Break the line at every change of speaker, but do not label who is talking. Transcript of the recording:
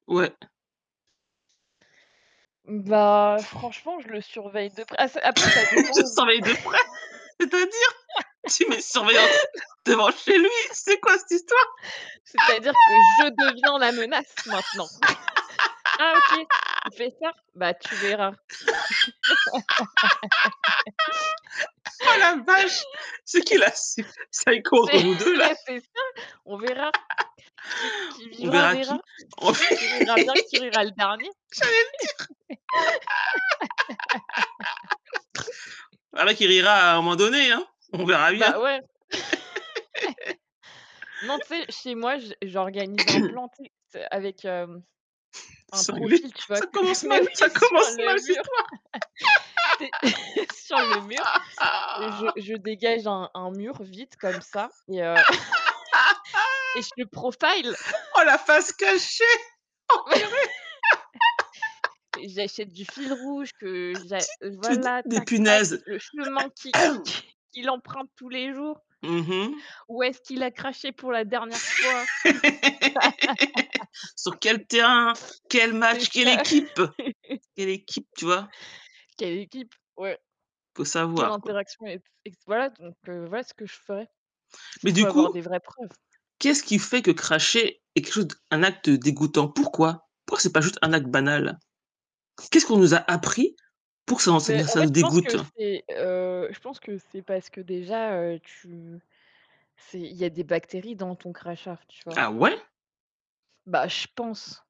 Ouais.
Bah, franchement, je le surveille de près ah c'est après, ça dépend
Tu
où
surveille de près. C'est-à-dire? Tu mets surveillance devant chez lui, c'est quoi cette histoire?
C'est-à-dire que je deviens la menace maintenant. Ah OK, tu fais ça? Bah, tu verras.
Oh la vache, c'est qui, là? Si psycho entre vous
C'est
2 là?
beh, c'est ça, on verra. Qui qui
On
vivra
verra
verra.
qui. En fait,
Qui rira
j'allais le
bien,
dire.
qui rira le dernier.
Voilà qui rira à un moment donné hein, on verra bien.
Ben, ouais. Non, tu sais? Chez moi, j j'organise un plan, tu sais, ts avec, hem, un
Cinglé.
profil, tu vois?
Ça
Que
commence
mais
mal,
oui
ça
sur
commence mal
le
cette
mur. Tu es sur le mur. Je
histoire.
je dégage un un mur vide comme ça et heu et je te profile.
Oh, la face cachée. Oh purée.
J'achète du fil rouge que j'a
Tu tu as des
voilà,
des
tac tac,
punaises.
le chemin qu'i qu'i qu'i qu'il emprunte tous les jours
Mmh mh.
ou est-ce qu'il a craché pour la dernière fois.
Sur quel terrain? Quel
C'est
match? Quelle
ça.
équipe? Quelle équipe, tu vois?
Quelle équipe, ouais.
Faut
Quelle
savoir, quoi.
interaction avec ses voilà, donc heu, voilà ce que je ferais, parce
Mais
qu'il faut
du
avoir
coup,
des vraies preuves.
qu'est-ce qui fait que cracher est quelque de un acte dégoûtant? Pourquoi? Pourquoi que c'est pas juste un acte banal? Qu'est-ce qu'on nous a appris pour que s'en ça
Mais
nous
en
ça
fait,
nous
je pense que
dégoûte?
c'est, heu, je pense que c'est parce que déjà, heu, tu c'est, il y a des bactéries dans ton crachat, tu vois?
Ah, ouais?
Ben, je pense.